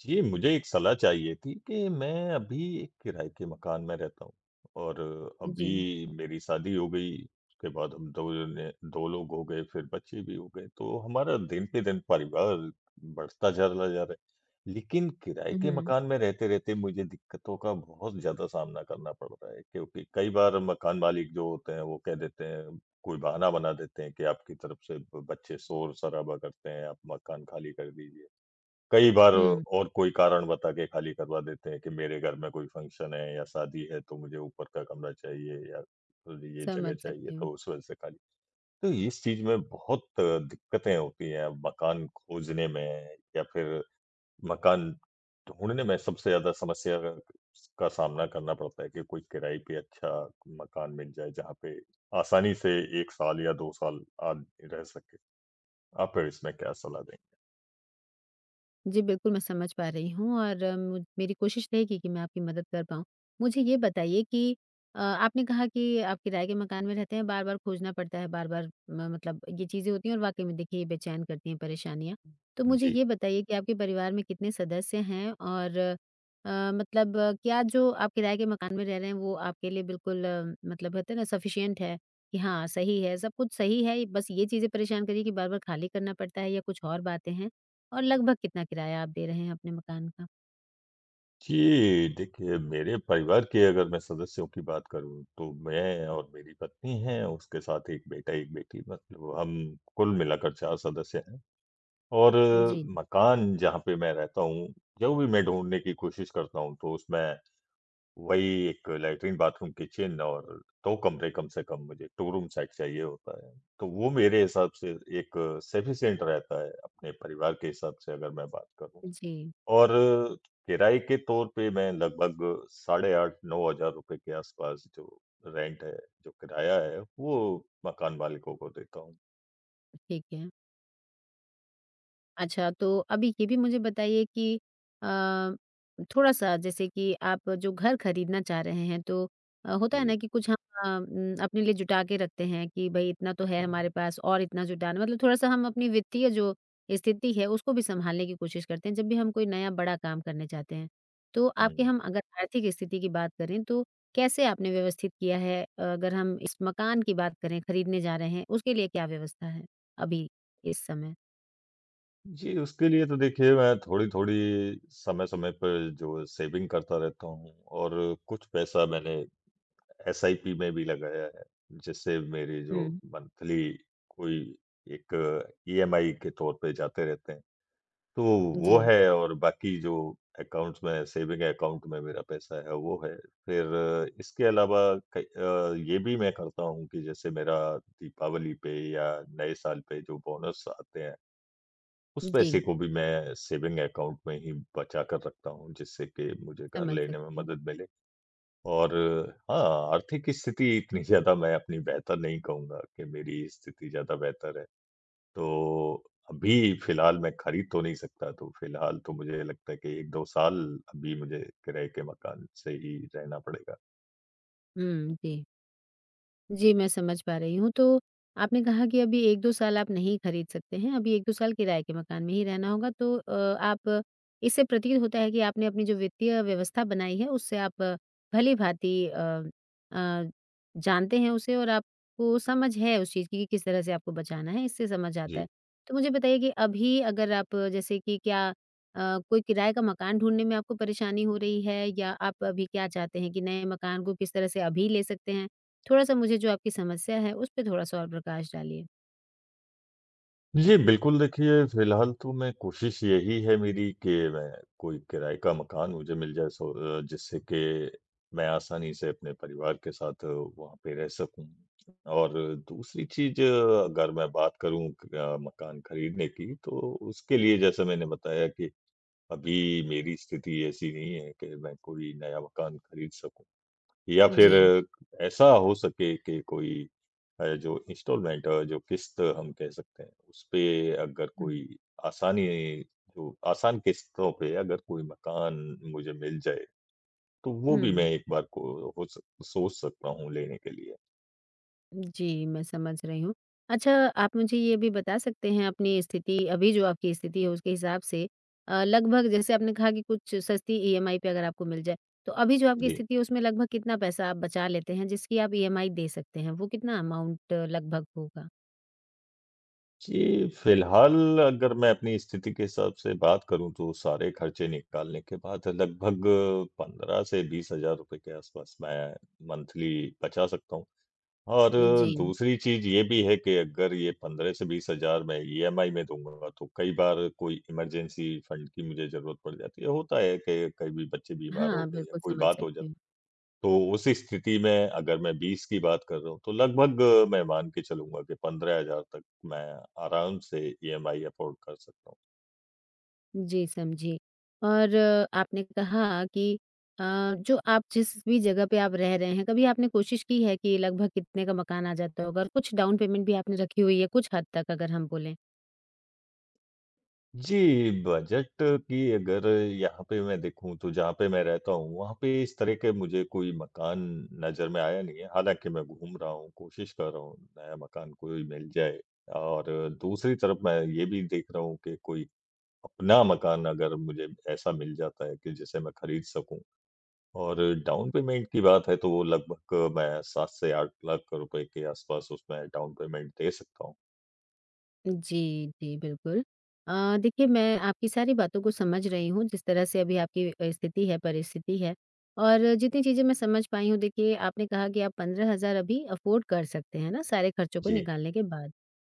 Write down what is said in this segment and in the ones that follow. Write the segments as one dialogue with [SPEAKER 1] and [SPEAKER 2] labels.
[SPEAKER 1] जी, मुझे एक सलाह चाहिए थी कि मैं अभी एक किराए के मकान में रहता हूँ और
[SPEAKER 2] अ,
[SPEAKER 1] अभी
[SPEAKER 2] जी।
[SPEAKER 1] मेरी शादी हो गई उसके बाद हम दोने 2 लोग हो गए, फिर बच्चे भी हो गए तो हमारा दिन पे दिन परिवार बढ़ता चला जा रहा है। लेकिन किराए के
[SPEAKER 2] उहुँ।
[SPEAKER 1] मकान में रहते-रहते मुझे दिक्कतों का बहुत ज़्यादा सामना करना पड़ रहा है क्योंकि कई बार मकान मालिक जो होते हैं वो कह देते हैं कोई बहाना बना देते हैं कि आपकी तरफ से ब बच्चे शोर-शराबा करते हैं, आप मकान खाली कर दीजिए। कई बार
[SPEAKER 2] हुँ।
[SPEAKER 1] और कोई कारण बता के खाली करवा देते हैं कि मेरे घर में कोई फ़ंक्शन है या शादी है तो मुझे ऊपर का कमरा चाहिए या अ, ये जगह
[SPEAKER 2] समझ
[SPEAKER 1] चाहिए
[SPEAKER 2] सकती हूँ।
[SPEAKER 1] तो उस वजह से खाली। तो इस चीज़ में बहुत दिक्कतें होती हैं मकान खोजने में या फिर मकान ढूँढने में सबसे ज़्यादा समस्या का, का सामना करना पड़ता है कि कोई किराए पे अच्छा मकान मिल जाए जहाँ पे आसानी से 1 साल या 2 साल आदमी रह सके। आप इसमें क्या सलाह देंगे?
[SPEAKER 2] जी बिल्कुल, मैं समझ पा रही हूँ और अम, मेरी कोशिश रहेगी कि मैं आपकी मदद कर पाऊँ। मुझे ये बताइए कि अ आपने कहा कि आप किराए के मकान में रहते हैं, बार-बार खोजना पड़ता है बार-बार म मतलब ये चीज़ें होती हैं और वाक़ई में देखिए बेचैन करती हैं परेशानियाँ, तो मुझे
[SPEAKER 1] जी।
[SPEAKER 2] ये बताइए कि आपके परिवार में कितने सदस्य हैं और अ, मतलब क्या जो आप किराए के मकान में रह रहे हैं वो आपके लिए बिल्कुल अम, मतलब होते हैं ना सफ़िशिएंट है, कि हाँ सही है, सब कुछ सही है बस ये चीज़ें परेशान कर रही हैं कि बार-बार खाली करना पड़ता है या कुछ और बातें हैं और लगभग कितना किराया आप दे रहे हैं अपने मकान का?
[SPEAKER 1] जी देखिए, मेरे परिवार के अगर मैं सदस्यों की बात करूँ तो मैं और मेरी पत्नी हैं, उसके साथ एक बेटा एक बेटी। मतलब हम कुल मिलाकर 4 सदस्य हैं और
[SPEAKER 2] जी।
[SPEAKER 1] मकान जहाँ पे मैं रहता हूँ जो भी मैं ढूँढने की कोशिश करता हूँ तो उसमें वही एक लैट्रिन, बाथरूम, किचन और 2 कमरे कम से कम मुझे 2 रूम सेट चाहिए होता है। तो वो मेरे हिसाब से एक सफ़िशिएंट रहता है अपने परिवार के हिसाब से अगर मैं बात करूँ।
[SPEAKER 2] उ, जी।
[SPEAKER 1] और किराए के तौर पे मैं लगभग साढ़े 8-9 हज़ार के आस-पास जो रेंट है जो किराया है वो मकान मालिकों को देता हूँ।
[SPEAKER 2] अ, ठीक है। अच्छा, तो अभी ये भी मुझे बताइए कि अ, थोड़ा-सा जैसे कि आप जो घर ख़रीदना चाह रहे हैं तो अ, होता है
[SPEAKER 1] जी।
[SPEAKER 2] ना, कि कुछ ह अ, हम अपने लिए जुटा के रखते हैं कि भई इतना तो है हमारे पास और इतना जुटाना है। मतलब थोड़ा-सा हम अपनी वित्तीय जो स्थिति है उसको भी संभालने की कोशिश करते हैं जब भी हम कोई नया बड़ा काम करने चाहते हैं। तो आपके
[SPEAKER 1] हुँ।
[SPEAKER 2] हम अगर आर्थिक स्थिति की बात करें, तो कैसे आपने व्यवस्थित किया है, अ, अगर हम इस मकान की बात करें ख़रीदने जा रहे हैं उसके लिए क्या व्यवस्था है अभी इस समय?
[SPEAKER 1] जी, उसके लिए तो देखिए मैं थोड़ी-थोड़ी समय-समय पे जो सेविंग करता रहता हूँ। और कुछ पैसा मैंने एसआईपी में भी लगाया है जिससे मेरे जो
[SPEAKER 2] हुँ।
[SPEAKER 1] मंथली कोई एक ईएमआई के तौर पे जाते रहते हैं। तो
[SPEAKER 2] उ,
[SPEAKER 1] वो
[SPEAKER 2] जी।
[SPEAKER 1] है और बाकी जो अकाउंट्स में सेविंग अकाउंट में मेरा पैसा है वो है। फ़िर इसके अलावा कई अ, ये भी मैं करता हूँ कि जैसे मेरा दीपावली पे या नए साल पे जो बोनस आते हैं। उस पैसे
[SPEAKER 2] जी।
[SPEAKER 1] को भी मैं सेविंग अकाउंट में ही बचा कर रखता हूँ जिससे कि मुझे घर
[SPEAKER 2] समझ
[SPEAKER 1] लेने में
[SPEAKER 2] सकती हूँ।
[SPEAKER 1] मदद मिले। और हाँ, आर्थिक स्थिति इतनी ज़्यादा मैं अपनी बेहतर नहीं कहूँगा कि मेरी स्थिति ज़्यादा बेहतर है। तो अभी फ़िलहाल मैं खरीद तो नहीं सकता तो फ़िलहाल तो मुझे लगता है कि 1-2 साल अभी मुझे किराए के मकान से ही रहना पड़ेगा।
[SPEAKER 2] हुँ, जी। जी, मैं समझ पा रही हूँ। तो आपने कहा कि अभी 1-2 साल आप नहीं खरीद सकते हैं। अभी 1-2 साल किराए के मकान में ही रहना होगा। तो अ, आप इससे प्रतीत होता है कि आपने अपनी जो वित्तीय व्यवस्था बनाई है उससे आप भली-भाँति अ अ, जानते हैं उसे। और आपको समझ है उस चीज़ की कि किस तरह से आपको बचाना है इससे समझ आता
[SPEAKER 1] जी।
[SPEAKER 2] है। तो मुझे बताइए कि अभी अगर आप जैसे कि क्या अ, कोई किराए का मकान ढूँढने में आपको परेशानी हो रही है? या आप अभी क्या चाहते हैं कि नए मकान को किस तरह से अभी ले सकते हैं। थोड़ा-सा मुझे जो आपकी समस्या है उस पे थोड़ा-सा और प्रकाश डालिए?
[SPEAKER 1] जी, बिल्कुल, देखिए फिलहाल तो मैं कोशिश यही है मेरी कि मैं कोई किराए का मकान मुझे मिल जाए सो जिससे कि मैं आसानी से अपने परिवार के साथ वहाँ पे रह सकूँ और दूसरी चीज़ अगर मैं बात करूँ मकान खरीदने की तो उसके लिए जैसे मैंने बताया कि, अभी मेरी स्थिति ऐसी नहीं है कि मैं कोई नया मकान खरीद सकूँ या फिर
[SPEAKER 2] जी।
[SPEAKER 1] ऐसा हो सके कि कोई अ, जो इन्सटॉलमेंट जो किश्त हम कह सकते हैं उस पे अगर कोई
[SPEAKER 2] हुँ।
[SPEAKER 1] आसानी जो आसान किश्तों पे अगर कोई मकान मुझे मिल जाए, तो वो भी मैं
[SPEAKER 2] हुँ।
[SPEAKER 1] एक बार को अ, हो सोच सकता हूँ लेने के लिए।
[SPEAKER 2] उ, जी मैं समझ रही हूँ। अच्छा आप मुझे यह भी बता सकते हैं अपनी स्थिति अभी जो आपकी स्थिति है उसके हिसाब से अ लगभग जैसे आपने कहा कि कुछ सस्ती इएमआई पर अगर आपको मिल जाए तो अभी जो आपकी
[SPEAKER 1] जी।
[SPEAKER 2] स्थिति है उसमें लगभग कितना पैसा आप बचा लेते हैं जिसकी आप इएमआई दे सकते हैं। वो कितना अमाउंट लगभग होगा?
[SPEAKER 1] जी, फिलहाल अगर मैं अपनी स्थिति के हिसाब से बात करूँ तो सारे खर्चे निकालने के बाद लगभग 15 से ₹20,000 के आसपास मैं मंथली बचा सकता हूँ और
[SPEAKER 2] जी।
[SPEAKER 1] दूसरी चीज़ ये भी है कि अगर ये 15 से 20,000 मैं इएमआई में दूँगा तो कई बार कोई इमरजेंसी फंड की मुझे ज़रूरत पड़ जाती है। होता है कि कभी बच्चे बीमार हो
[SPEAKER 2] हाँ,
[SPEAKER 1] गए या
[SPEAKER 2] बिल्कुल
[SPEAKER 1] कोई
[SPEAKER 2] समझ
[SPEAKER 1] बात हो
[SPEAKER 2] सकती
[SPEAKER 1] जाती
[SPEAKER 2] हूँ।
[SPEAKER 1] तो उसी स्थिति में अगर मैं 20 की बात कर रहा हूँ तो लगभग मैं मान के चलूँगा कि ₹15,000 तक मैं आराम से इएमआई अफ़ोर्ड कर सकता हूँ।
[SPEAKER 2] जी, समझी और आपने कहा कि अ, जो आप जिस भी जगह पे आप रह रहे हैं कभी आपने कोशिश की है कि लगभग कितने का मकान आ जाता होगा। कुछ डाउन पेमेंट भी आपने रखी हुई है, कुछ हद तक अगर हम बोलें?
[SPEAKER 1] जी, बजट की अगर यहाँ पे मैं देखूँ तो जहाँ पे मैं रहता हूँ वहाँ पे इस तरह के मुझे कोई मकान नज़र में आया नहीं है, हालाँकि मैं घूम रहा हूँ कोशिश कर रहा हूँ नया मकान कोई मिल जाए। और दूसरी तरफ़ मैं ये भी देख रहा हूँ कि कोई अपना मकान अगर मुझे ऐसा मिल जाता है कि जिसे मैं खरीद सकूँ और डाउन पेमेंट की बात है तो वो लगभग मैं 7 से 8 लाख रुपए के आस-पास उसमें डाउन पेमेंट दे सकता हूँ।
[SPEAKER 2] जी, जी, बिल्कुल अ, देखिए मैं आपकी सारी बातों को समझ रही हूँ जिस तरह से अभी आपकी अ, स्थिति है, परिस्थिति है और जितनी चीज़ें मैं समझ पाई हूँ देखिए, आपने कहा कि आप 15 हज़ार अभी अफोर्ड कर सकते हैं, है ना? सारे खर्चों को
[SPEAKER 1] जी।
[SPEAKER 2] निकालने के बाद।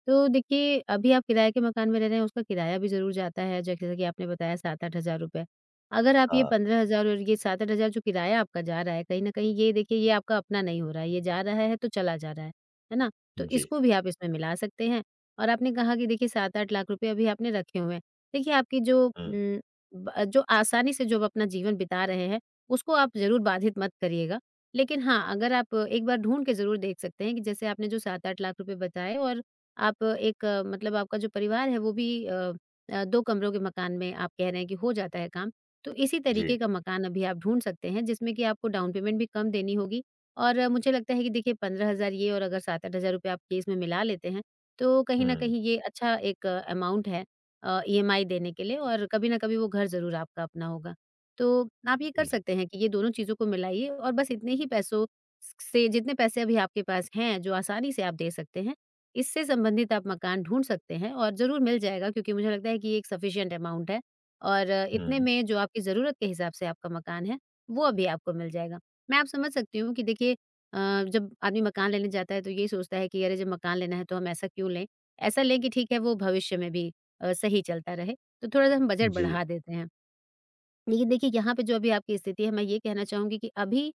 [SPEAKER 2] तो देखिए, अभी आप किराए के मकान में रह रहे हैं उसका किराया भी ज़रूर जाता है जैसे कि आपने बताया 7-8 हज़ार रुपए, अगर आप ये
[SPEAKER 1] हाँ।
[SPEAKER 2] 15,000 और ये 7-8 हज़ार रुपए जो किराया आपका जा रहा है कहीं न कहीं, ये देखिए, ये आपका अपना नहीं हो रहा है, ये जा रहा है तो चला जा रहा है, है ना? तो
[SPEAKER 1] जी।
[SPEAKER 2] इसको भी आप इसमें मिला सकते हैं। और आपने कहा कि 7-8 लाख अभी आपने रखे हुए हैं देखिए, आपकी जो
[SPEAKER 1] हुँ।
[SPEAKER 2] उम, ब जो आसानी से जो अपना जीवन बिता रहे हैं, उसको आप ज़रूर बाधित मत करिएगा। लेकिन हाँ, अगर आप एक बार ढूँढ के ज़रूर देख सकते हैं कि जैसे आपने जो 7-8 हज़ार रुपए लाख बताए और आप एक मतलब आपका जो परिवार है, वे भी अ अ, 2 कमरों के मकान में आप कह रहे हैं कि हो जाता है काम, तो इसी
[SPEAKER 1] जी।
[SPEAKER 2] तरीके का मकान अभी आप ढूँढ सकते हैं जिसमें कि आपको डाउन पेमेंट भी कम देनी होगी और मुझे लगता है कि 15 हज़ार रुपए ये और अगर 7-8 हज़ार रुपए आप केस में मिला लेते हैं, तो कहीं न
[SPEAKER 1] हुँ।
[SPEAKER 2] कहीं ये अच्छा एक अमाउन्ट है अ, ईएमआई देने के लिए और कभी ना कभी वे घर ज़रूर आपका अपना होगा। तो आप ये कर सकते हैं कि ये दोनों चीज़ों को मिलाइए और बस इतने ही पैसों स से जितने पैसे अभी आपके पास हैं, जो आसानी से आप दे सकते हैं, इससे संबंधित आप मकान ढूँढ सकते हैं और ज़रूर मिल जाएगा क्योंकि मुझे लगता है कि ये एक सफिशन्ट अमाउन्ट है और इतने
[SPEAKER 1] हुँ।
[SPEAKER 2] में जो आपकी ज़रूरत के हिसाब से आपका मकान है, वो अभी आपको मिल जाएगा। मैं आप समझ सकती हूँ कि देखिए अ, जब आदमी मकान लेने जाता है तो ये सोचता है कि अरे जब मकान लेना है तो हम ऐसा क्यों लें? ऐसा लें कि ठीक है, वे भविष्य में भी अ, सही चलता रहें, तो थोड़ा-सा हम बजट
[SPEAKER 1] जी।
[SPEAKER 2] बढ़ा देते हैं। लेकिन देखिए, यहाँ पे जो अभी आपकी स्थिति है मैं ये कहना चाहूँगी कि अभी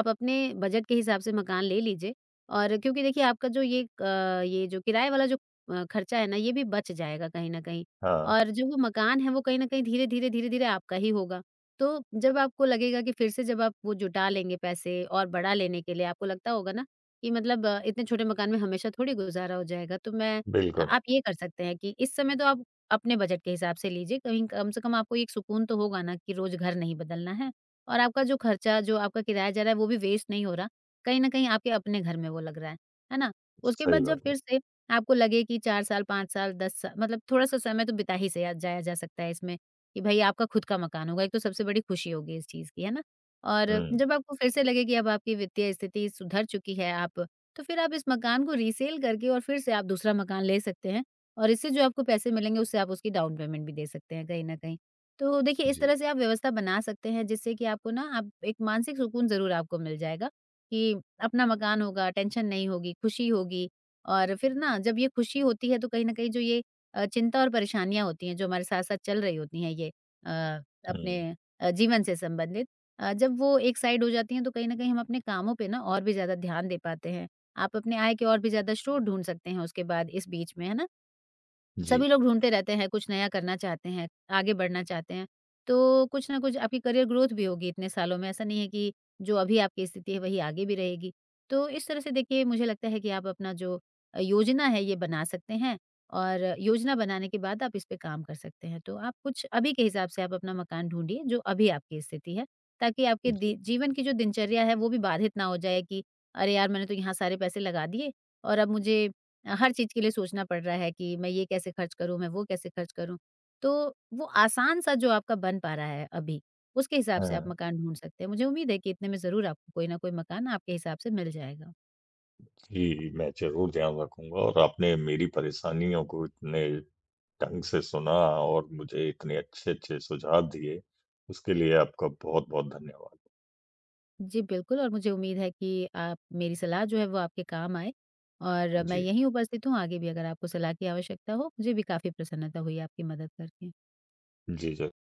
[SPEAKER 2] आप अपने बजट के हिसाब से मकान ले लीजिए और क्योंकि देखिए आपका जो ये क ये किराए वाला जो अ, खर्चा है ना, ये भी बच जाएगा कहीं न कहीं।
[SPEAKER 1] हाँ।
[SPEAKER 2] और जो मकान है वे कहीं न कहीं धीरे-धीरे, धीरे-धीरे आपका ही होगा, तो जब आपको लगेगा कि फिर से जब आप वो जुटा लेंगे पैसे और बड़ा लेने के लिए आपको लगता होगा ना, कि मतलब इतने छोटे मकान में हमेशा थोड़ी गुज़ारा हो जाएगा तो मैं
[SPEAKER 1] बिल्कुल।
[SPEAKER 2] आप ये कर सकते हैं कि इस समय तो आप अपने बजट के हिसाब से लीजिए, कहीं कम से कम आपको एक सुकून तो होगा ना कि रोज़ घर नहीं बदलना है और आपका जो खर्चा, जो आपका किराया जा रहा है वे भी वेस्ट नहीं हो रहा, कहीं न कहीं आपके अपने घर में वे लग रहा है, है ना? उसके
[SPEAKER 1] सही
[SPEAKER 2] बाद जब
[SPEAKER 1] बात है।
[SPEAKER 2] फिर से आपको लगे कि 4 साल, 5 साल, 10 साल मतलब थोड़ा-सा समय तो बिता ही सिया जाया जा सकता है इसमें कि भाई आपका खुद का मकान होगा, एक तो सबसे बड़ी खुशी होगी इस चीज़ की, है ना? और
[SPEAKER 1] हुँ।
[SPEAKER 2] जब आपको फिर से लगे कि अब आपकी वित्तीय स्थिति सुधर चुकी है, आप तो फिर आप इस मकान को रिसेल करके और फिर से आप दूसरा मकान ले सकते हैं और इससे जो आपको पैसे मिलेंगे, उससे आप उसकी डाउन पेमेंट भी दे सकते हैं कहीं न कहीं। तो देखिए, इस
[SPEAKER 1] जी।
[SPEAKER 2] तरह से आप व्यवस्था बना सकते हैं जिससे कि आपको ना आप एक मानसिक सुकून ज़रूर आपको मिल जाएगा, कि अपना मकान होगा, टेंशन नहीं होगी, खुशी होगी और फिर ना जब ये खुशी होती है तो कहीं न कहीं जो ये अ, चिंता और परेशानियाँ होती हैं, जो हमारे साथ-साथ चल रही होती हैं ये अ,
[SPEAKER 1] हुँ।
[SPEAKER 2] अपने अ, जीवन से संबंधित अ, जब वे एक साइड हो जाती हैं तो कहीं न कहीं हम अपने कामों पर और भी ज़्यादा ध्यान दे पाते हैं, आप अपने आय के और भी ज़्यादा स्रोत ढूँढ सकते हैं उसके बाद इस बीच में, है ना?
[SPEAKER 1] जी।
[SPEAKER 2] सभी लोग ढूँढते रहते हैं, कुछ नया करना चाहते हैं, आगे बढ़ना चाहते हैं, तो कुछ ना कुछ आपकी करियर ग्रोथ भी होगी इतने सालों में ऐसा नहीं है कि जो अभी आपकी स्थिति है, वही आगे भी रहेगी। तो इस तरह से देखिए, मुझे लगता है कि आप अपना जो अ, योजना है ये बना सकते हैं और योजना बनाने के बाद आप इस पे काम कर सकते हैं तो आप कुछ अभी के हिसाब से आप अपना मकान ढूँढिए जो अभी आपकी स्थिति है, ताकि आपके
[SPEAKER 1] जी।
[SPEAKER 2] दी जीवन की जो दिनचर्या है वे भी बाधित ना हो जाए कि अरे यार! मैंने तो यहाँ सारे पैसे लगा दिए और अब मुझे अ, हर चीज़ के लिए सोचना पड़ रहा है कि मैं ये कैसे खर्च करूँ, मैं वे कैसे खर्च करूँ। तो वे आसान सा जो आपका बन पा रहा है अभी, उसके हिसाब से आप
[SPEAKER 1] हुँ।
[SPEAKER 2] मकान ढूँढ सकते हैं, मुझे उम्मीद है कि इतने में ज़रूर आपको कोई ना कोई मकान आपके हिसाब से मिल जाएगा।
[SPEAKER 1] जी, मैं ज़रूर ध्यान रखूँगा और आपने मेरी परेशानियों को इतने ढँग से सुना और मुझे इतने अच्छे-अच्छे सुझाव दिए, उसके लिए आपका बहुत-बहुत धन्यवाद।
[SPEAKER 2] जी, बिल्कुल। और मुझे उम्मीद है कि आप मेरी सलाह जो है वे आपके काम आए और मैं
[SPEAKER 1] जी।
[SPEAKER 2] यहीं उपस्थित हूँ, आगे भी अगर आपको सलाह की आवश्यकता हो मुझे भी काफ़ी प्रसन्नता हुई आपकी मदद करके।
[SPEAKER 1] जी, जर